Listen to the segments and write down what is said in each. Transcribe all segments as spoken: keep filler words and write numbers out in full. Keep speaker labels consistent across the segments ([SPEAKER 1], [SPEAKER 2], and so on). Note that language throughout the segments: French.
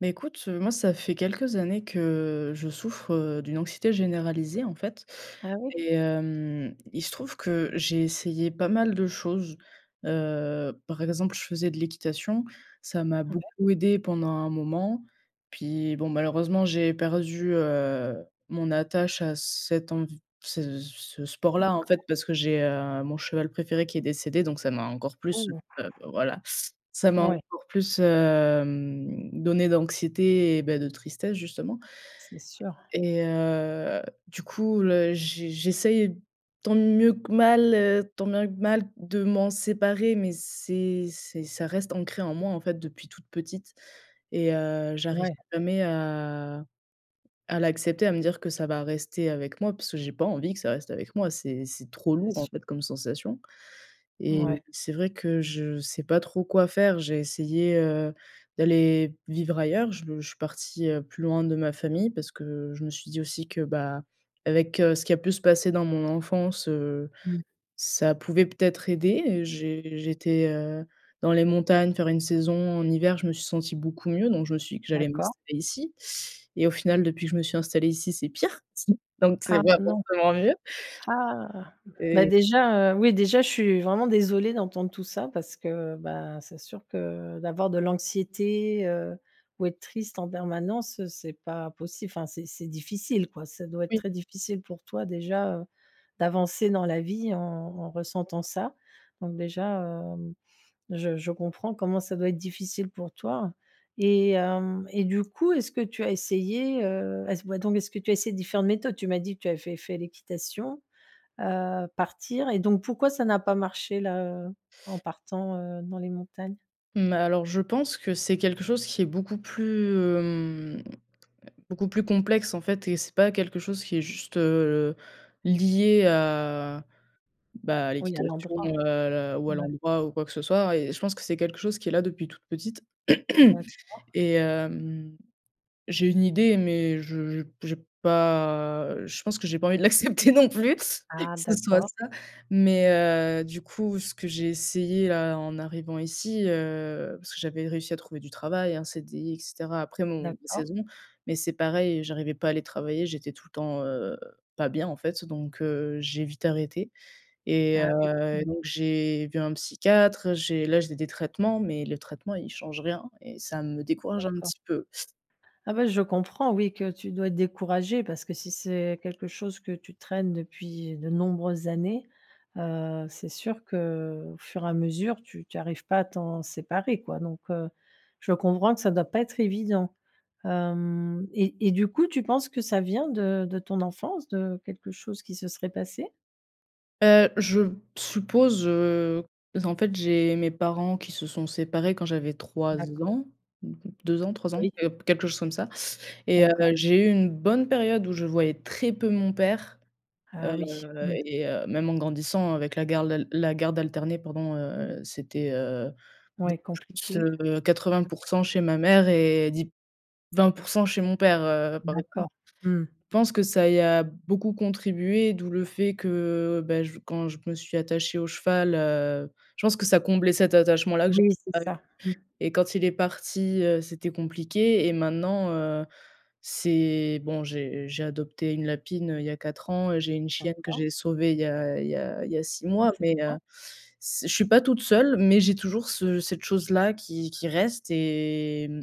[SPEAKER 1] Mais écoute, heu, moi, ça fait quelques années que je souffre, heu, d'une anxiété généralisée en fait,
[SPEAKER 2] Ah oui?
[SPEAKER 1] et hem, il se trouve que j'ai essayé pas mal de choses. Heu, par exemple, je faisais de l'équitation, ça m'a
[SPEAKER 2] Ah mè
[SPEAKER 1] beaucoup aidée pendant un moment. Puis bon, malheureusement j'ai perdu, heu, mon attache à cet env ce ce sport-là en
[SPEAKER 2] D'accord.
[SPEAKER 1] fait, parce que j'ai, heu, mon cheval préféré qui est décédé, donc ça m'a encore plus, heu,
[SPEAKER 2] Oh!
[SPEAKER 1] beh, voilà, ça m'a
[SPEAKER 2] Ouais.
[SPEAKER 1] encore plus hem donné d'anxiété et ben, de tristesse justement,
[SPEAKER 2] C'est sûr.
[SPEAKER 1] et heu, du coup, le j j'essaie tant mieux que mal, heu, tant bien que mal de m'en séparer, mais c'est c'est ça reste ancré en moi en fait depuis toute petite et heu, j'arrive
[SPEAKER 2] Ouais.
[SPEAKER 1] jamais à à l'accepter, à me dire que ça va rester avec moi puisque j'ai pas envie que ça reste avec moi. C'est c'est trop lourd en
[SPEAKER 2] [unintelligible]
[SPEAKER 1] fait comme sensation, et
[SPEAKER 2] Ouais.
[SPEAKER 1] c'est vrai que je sais pas trop quoi faire. J'ai essayé, heu, d'aller vivre ailleurs. Je je suis partie, heu, plus loin de ma famille. Parce que je me suis dit aussi que, bah, avec, heu, ce qui a pu se passer dans mon enfance, heu,
[SPEAKER 2] Mmh.
[SPEAKER 1] ça pouvait peut-être aider. J'ai j'étais, heu, dans les montagnes, faire une saison en hiver, je me suis sentie beaucoup mieux, donc je me suis dit que j'allais
[SPEAKER 2] D'accord.
[SPEAKER 1] m'installer ici, et au final, depuis que je me suis installée ici, c'est pire. Donc c'est
[SPEAKER 2] Ah
[SPEAKER 1] pas
[SPEAKER 2] non.
[SPEAKER 1] forcément mieux.
[SPEAKER 2] Ah! Bah,
[SPEAKER 1] Et
[SPEAKER 2] déjà, heu, oui, déjà, je suis vraiment désolée d'entendre tout ça parce que, ben, c'est sûr que d'avoir de l'anxiété, heu, ou être triste en permanence, c'est pas possi enfin, c'est c'est difficile quoi, ça doit être
[SPEAKER 1] Oui.
[SPEAKER 2] très difficile pour toi déjà, heu, d'avancer dans la vie en en ressentant ça. Donc déjà, hem, je je comprends comment ça doit être difficile pour toi, et hem, et du coup, est-ce que tu as essayé, heu est-ce voit donc, mais est-ce que tu as essayé différentes méthodes? Tu m'as dit que tu avais fait fait l'équitation, heu, partir, et donc pourquoi ça n'a pas marché là, heu, en partant, heu, dans les montagnes?
[SPEAKER 1] Mmh, alors je pense, que c'est quelque chose qui est beaucoup plus hem, beaucoup plus complexe, en fait et c'est pas quelque chose qui est juste lié à, bah, à
[SPEAKER 2] Oui à
[SPEAKER 1] l'équitation,
[SPEAKER 2] l'endroit.
[SPEAKER 1] heu, l ou à
[SPEAKER 2] Mouais.
[SPEAKER 1] l'endroit ou quoi que ce soit. Et je pense que c'est quelque chose qui est là depuis toute petite.
[SPEAKER 2] D'accord
[SPEAKER 1] Et hem, j'ai une idée, mais je j j'ai pas je pense que j'ai pas envie de l'accepter non plus, que
[SPEAKER 2] Ah
[SPEAKER 1] ce soit
[SPEAKER 2] d'accord.
[SPEAKER 1] ça. Mais, heu, du coup, ce que j'ai essayé là en arrivant ici, heu, parce que j'avais réussi à trouver du travail, un CDI et cetera après mon mes
[SPEAKER 2] D'accord.
[SPEAKER 1] saisons. Mais c'est pareil, heu, j'arrivais pas à aller travailler, j'étais tout le temps, heu, pas bien en fait. Donc, heu, j'ai vite arrêté. Et
[SPEAKER 2] Ah oui.
[SPEAKER 1] heu,
[SPEAKER 2] Mmh.
[SPEAKER 1] donc j'ai vu un psychiatre, j'ai là, j'ai des traitements, mais le traitement, il change rien et ça me décourage un
[SPEAKER 2] D'accord.
[SPEAKER 1] petit peu.
[SPEAKER 2] Ah, bah, je comprends oui, que tu dois être découragée parce que si c'est quelque chose que tu traînes depuis de nombreuses années, heu, c'est sûr qu'au fur et à mesure tu tu arrives pas à t'en séparer quoi. Donc, heu, je peux comprendre que ça doit pas être évident. Hem, et et du coup tu penses que ça vient de de ton enfance, de quelque chose qui se serait passé?
[SPEAKER 1] Heu, je suppose, heu, donc en fait, j'ai mes parents qui se sont séparés quand j'avais trois
[SPEAKER 2] D'accord.
[SPEAKER 1] ans deux ans, trois ans
[SPEAKER 2] Oui.
[SPEAKER 1] et heu, quelque chose comme ça et heu,
[SPEAKER 2] D'accord.
[SPEAKER 1] j'ai eu une bonne période où je voyais très peu mon père,
[SPEAKER 2] Ah
[SPEAKER 1] heu,
[SPEAKER 2] oui. Mmh.
[SPEAKER 1] et heu, même en grandissant avec la garde al la garde alternée pendant, heu, c'était, heu
[SPEAKER 2] Ouais, compliqué.
[SPEAKER 1] [unintelligible] quatre-vingt
[SPEAKER 2] Mmh.
[SPEAKER 1] pour cent chez ma mère et di vingt pour cent chez mon père, heu, par
[SPEAKER 2] D'accord.
[SPEAKER 1] [unintelligible]
[SPEAKER 2] Mmh mh.
[SPEAKER 1] je pense que ça y a beaucoup contribué, d'où le fait que, bah, j quand je me suis attachée au cheval, heu, je pense que ça comblait cet attachement-là que j'a
[SPEAKER 2] Oui, c'est
[SPEAKER 1] [unintelligible]
[SPEAKER 2] ça. Mmh.
[SPEAKER 1] et quand il est parti, heu, c'était compliqué et maintenant, heu, c'est bon, j'ai j'ai adopté une lapine, heu, il y a quatre ans et j'ai une chienne que
[SPEAKER 2] D'accord.
[SPEAKER 1] j'ai sauvée il y a il y a il y a six
[SPEAKER 2] Ah,
[SPEAKER 1] mois,
[SPEAKER 2] c'est
[SPEAKER 1] mais, heu,
[SPEAKER 2] bien.
[SPEAKER 1] c'est je suis pas toute seule, mais j'ai toujours ce cette chose-là qui qui reste et mmh,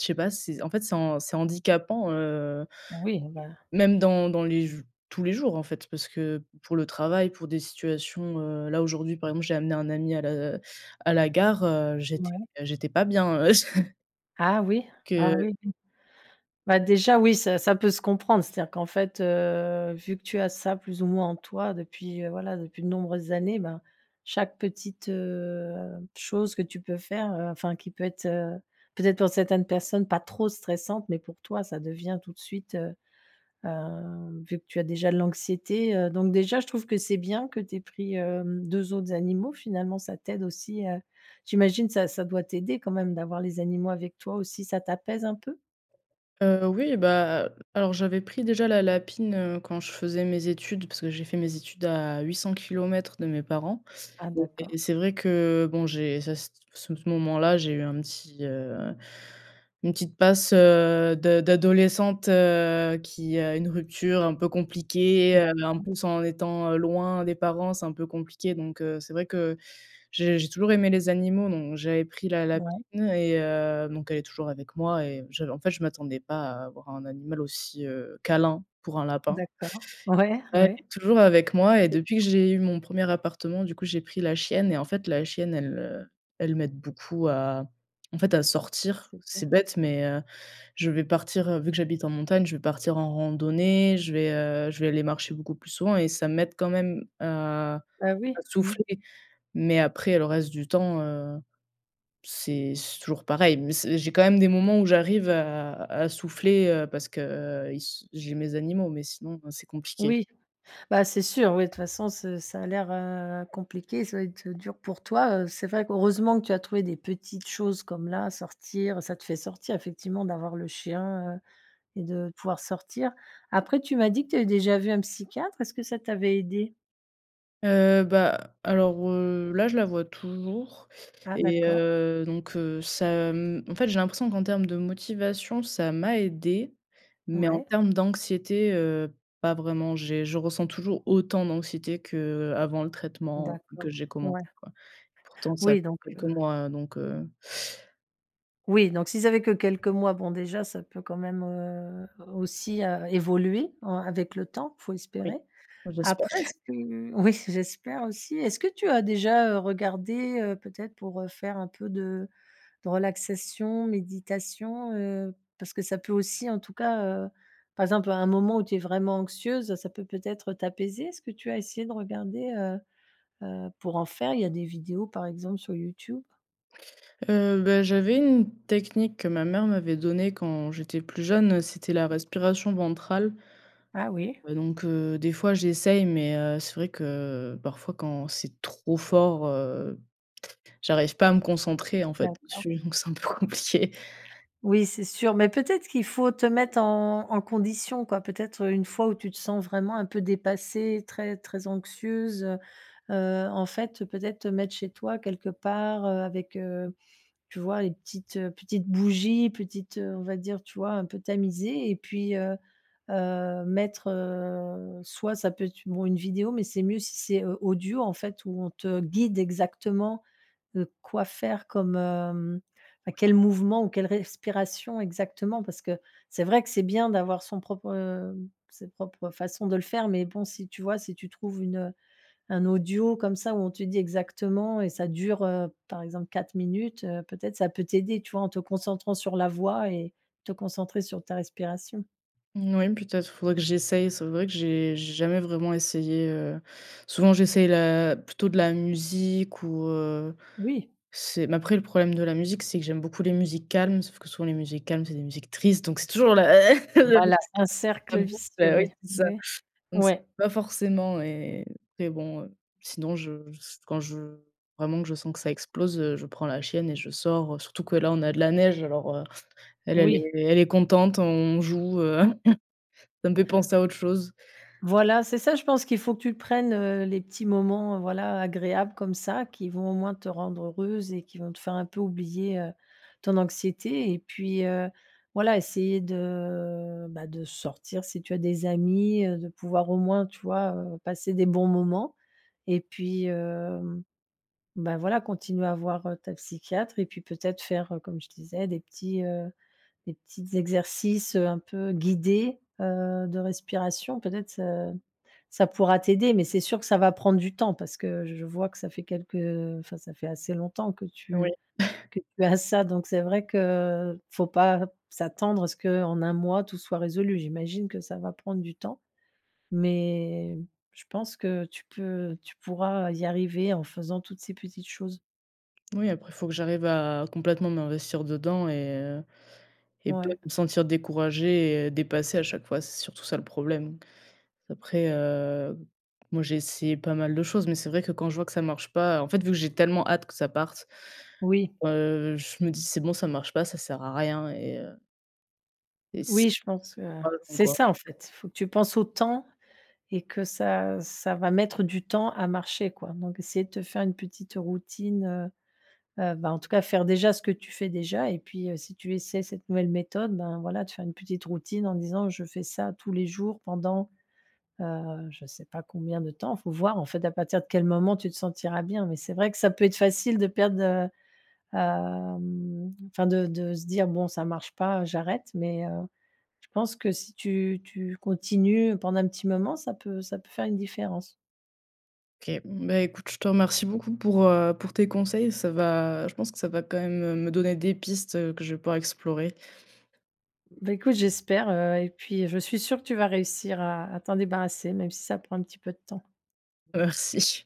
[SPEAKER 1] je sais pas, c'est en fait c'est han c'est handicapant, heu
[SPEAKER 2] Oui, bah
[SPEAKER 1] même dans dans les jou tous les jours en fait, parce que pour le travail, pour des situations, heu, là aujourd'hui, par exemple, j'ai amené un ami à la, heu à la gare, heu, j'étais
[SPEAKER 2] Ouais.
[SPEAKER 1] j'étais pas bien.
[SPEAKER 2] Ah oui? Ah
[SPEAKER 1] Que
[SPEAKER 2] oui, oui. Bah, déjà, oui, ça ça peut se comprendre. C'est-à-dire qu'en fait, heu, vu que tu as ça, plus ou moins, en toi, depuis, heu, voilà, depuis de nombreuses années, ben, chaque petite, heu, chose que tu peux faire, heu, enfin, qui peut être, heu, peut-être, pour certaines personnes, pas trop stressante, mais pour toi, ça devient tout de suite, heu, hem, vu que tu as déjà de l'anxiété heu, donc déjà, je trouve que c'est bien que tu aies pris, hem, deux autres animaux, finalement, ça t'aide aussi, heu, j'imagine, ça ça doit t'aider quand même d'avoir les animaux avec toi aussi. Ça t'apaise un peu?
[SPEAKER 1] Heu, oui, bah, heu, alors j'avais pris déjà la lapine, heu, quand je faisais mes études, parce que j'ai fait mes études à huit cents kilomètres de mes parents.
[SPEAKER 2] Ah d'accord.
[SPEAKER 1] Et c'est vrai que, bon, j'ai ça, c ce moment-là, j'ai eu un petit, heu, une petite passe, heu, de d'adolescente, heu, qui a une rupture un peu compliquée, heu, en
[SPEAKER 2] D'accord.
[SPEAKER 1] plus, en étant, heu, loin des parents, c'est un peu compliqué. Donc, heu, c'est vrai que j'ai j'ai toujours aimé les animaux, donc j'avais pris la lapine
[SPEAKER 2] Ouais.
[SPEAKER 1] et heu, donc elle est toujours avec moi et je en fait, je m'attendais pas à avoir un animal aussi, heu, câlin pour un lapin.
[SPEAKER 2] D'accord, ouais,
[SPEAKER 1] Ouais, elle
[SPEAKER 2] ouais.
[SPEAKER 1] est toujours avec moi et
[SPEAKER 2] C'est
[SPEAKER 1] depuis que
[SPEAKER 2] bien.
[SPEAKER 1] j'ai eu mon premier appartement, du coup, j'ai pris la chienne et en fait, la chienne, elle, heu, elle m'aide beaucoup à, en fait, à sortir.
[SPEAKER 2] C'est bien.
[SPEAKER 1] C'est bête, mais, heu, je vais partir, heu, vu que j'habite en montagne, je vais partir en randonnée. Je vais, heu, je vais aller marcher beaucoup plus souvent et ça m'aide quand même à
[SPEAKER 2] Bah, oui,
[SPEAKER 1] à
[SPEAKER 2] mmh.
[SPEAKER 1] souffler. Mais après, le reste du temps, heu, c'est c'est toujours pareil. Mais c'est j'ai quand même des moments où j'arrive à à souffler, heu, parce que ils s j'ai mes animaux, mais sinon, heu, c'est compliqué.
[SPEAKER 2] Oui. Bah, c'est sûr, oui, de toute façon, c'est ça a l'air, heu, compliqué. Ça doit être, heu, dur pour toi. Heu, c'est vrai que, heureusement que tu as trouvé des petites choses comme là, sortir, ça te fait sortir, effectivement, d'avoir le chien, heu, et de pouvoir sortir. Après, tu m'as dit que tu avais déjà vu un psychiatre. Est-ce que ça t'avait aidée?
[SPEAKER 1] Heu, bah, alors, heu, là, je la vois toujours
[SPEAKER 2] Ah
[SPEAKER 1] et
[SPEAKER 2] d'accord.
[SPEAKER 1] heu, donc, heu, ça m en fait, j'ai l'impression qu'en termes de motivation, ça m'a aidée, mais en
[SPEAKER 2] Ouais.
[SPEAKER 1] termes d'anxiété, heu, pas vraiment. J'ai je ressens toujours autant d'anxiété qu'avant le traitement
[SPEAKER 2] D'accord,
[SPEAKER 1] que j'ai
[SPEAKER 2] ouais.
[SPEAKER 1] commencé, quoi. Pourtant, ça [unintelligible]
[SPEAKER 2] Oui, donc, heu
[SPEAKER 1] quelques mois, hein, donc, heu.
[SPEAKER 2] Oui, donc si ça fait que quelques mois, bon déjà ça peut quand même, heu, aussi, heu, évoluer en avec le temps, faut espérer.
[SPEAKER 1] Oui, j'espère.
[SPEAKER 2] Après, est-ce que oui, j'espère aussi. Est-ce que tu as déjà, heu, regardé, heu, peut-être pour, heu, faire un peu de de relaxation, méditation, heu, parce que ça peut aussi, en tout cas, heu, par exemple à un moment où tu es vraiment anxieuse, ça peut peut-être t'apaiser? Est-ce que tu as essayé de regarder, heu heu, pour en faire? Il y a des vidéos par exemple sur Youtube.
[SPEAKER 1] Heu, bah j'avais une technique que ma mère m'avait donnée quand j'étais plus jeune, c'était la respiration ventrale
[SPEAKER 2] Ah oui!
[SPEAKER 1] donc, heu, des fois, j'essaie, mais, heu, c'est vrai que parfois quand c'est trop fort, heu, j'arrive pas à me concentrer en fait,
[SPEAKER 2] D'accord.
[SPEAKER 1] dessus, donc c'est un peu compliqué.
[SPEAKER 2] Oui, c'est sûr, mais peut-être qu'il faut te mettre en en condition, quoi, peut-être, heu, une fois où tu te sens vraiment un peu dépassée, très, très anxieuse, heu, heu, en fait, peut-être te mettre chez toi quelque part, heu, avec, heu, tu vois, les petites petites bougies, petites, heu, on va dire, tu vois, un peu tamisé et puis, heu heu, mettre, heu, soit ça peut être bon, une vidéo, mais c'est mieux si c'est, heu, audio, en fait, où on te guide exactement, heu, quoi faire comme hem, bah, quel mouvement ou quelle respiration exactement parce que c'est vrai que c'est bien d'avoir son propre sa propre façon de le faire, mais bon, si tu vois, si tu trouves une un audio comme ça où on te dit exactement et ça dure, heu, par exemple quatre minutes, heu, peut-être ça peut t'aider, tu vois, en te concentrant sur la voix et te concentrer sur ta respiration.
[SPEAKER 1] Moui, peut-être, faudrait que j'essaie. C'est vrai que j'ai j'ai jamais vraiment essayé, heu. Souvent j'essaie la plutôt de la musique ou, heu,
[SPEAKER 2] Oui.
[SPEAKER 1] c'est mais après le problème de la musique, c'est que j'aime beaucoup les musiques calmes. Sauf que souvent les musiques calmes, c'est des musiques tristes, donc c'est toujours la le
[SPEAKER 2] Voilà, c'est un
[SPEAKER 1] la
[SPEAKER 2] cercle
[SPEAKER 1] boucle,
[SPEAKER 2] vicieux,
[SPEAKER 1] bah, ouais,
[SPEAKER 2] oui,
[SPEAKER 1] c'est ça.
[SPEAKER 2] oui.
[SPEAKER 1] Donc c'est
[SPEAKER 2] Ouais.
[SPEAKER 1] pas forcément et et bon, heu, sinon je s quand je vraiment, que je sens que ça explose, heu, je prends la chienne et je sors. Heu, surtout que là on a de la neige alors, heu, elle, elle
[SPEAKER 2] Oui.
[SPEAKER 1] est elle est contente, on joue. Heu, ça me fait penser à autre chose.
[SPEAKER 2] Voilà, c'est ça, je pense qu'il faut que tu prennes, heu, les petits moments, heu, voilà agréables comme ça qui vont au moins te rendre heureuse et qui vont te faire un peu oublier, heu, ton anxiété. Et puis, heu, voilà, essayer de, bah, de sortir si tu as des amis, heu, de pouvoir au moins tu vois, heu, passer des bons moments. Et puis, hem, bah, voilà continuer à voir, heu, ta psychiatre et puis peut-être faire, heu, comme je disais des petits heu, des petites exercices, heu, un peu guidés, heu, de respiration. Peut-être ça ça pourra t'aider. Mais c'est sûr que ça va prendre du temps parce que je je vois que ça fait quelques heu, enfin ça fait assez longtemps que
[SPEAKER 1] Oui.
[SPEAKER 2] tu que tu as ça. Donc c'est vrai que, faut pas s'attendre à ce qu'en un mois tout soit résolu. J'imagine que ça va prendre du temps. Mais, je pense que tu peux tu pourras y arriver en faisant toutes ces petites choses.
[SPEAKER 1] Moui, après il faut que j'arrive à complètement m'investir dedans et heu, et pas
[SPEAKER 2] Ouais.
[SPEAKER 1] me sentir découragée et dépassée à chaque fois, c'est surtout ça le problème. Après, heu, moi, j'ai essayé pas mal de choses, mais c'est vrai que quand je vois que ça marche pas, en fait, vu que j'ai tellement hâte que ça parte,
[SPEAKER 2] Oui.
[SPEAKER 1] heu, je me dis: «C'est bon, ça marche pas, ça sert à rien» et heu et c'est
[SPEAKER 2] Oui, je pense que,
[SPEAKER 1] [unintelligible]
[SPEAKER 2] c'est
[SPEAKER 1] quoi.
[SPEAKER 2] ça en fait, il faut que tu penses au temps et que ça ça va mettre du temps à marcher, quoi donc essayer de te faire une petite routine, heu heu, bah en tout cas faire déjà ce que tu fais déjà et puis, heu, si tu essaies cette nouvelle méthode, ben, voilà, tu fais une petite routine en disant: «Je fais ça tous les jours» pendant, heu, je sais pas combien de temps, il faut voir en fait, à partir de quel moment tu te sentiras bien, mais c'est vrai que ça peut être facile de perdre, heu, hem, enfin de de se dire: «Bon, ça marche pas, heu, j'arrête», mais, heu, je pense que si tu tu continues pendant un petit moment, ça peut ça peut faire une différence.
[SPEAKER 1] OK. Mmh, ben écoute, je te remercie beaucoup pour, heu, pour tes conseils. Ça va, je pense que ça va quand même, heu, me donner des pistes, heu, que je vais pouvoir explorer.
[SPEAKER 2] Bah écoute, j'espère, heu, et puis je suis sûre que tu vas réussir à à t'en débarrasser, même si ça prend un petit peu de temps.
[SPEAKER 1] Merci.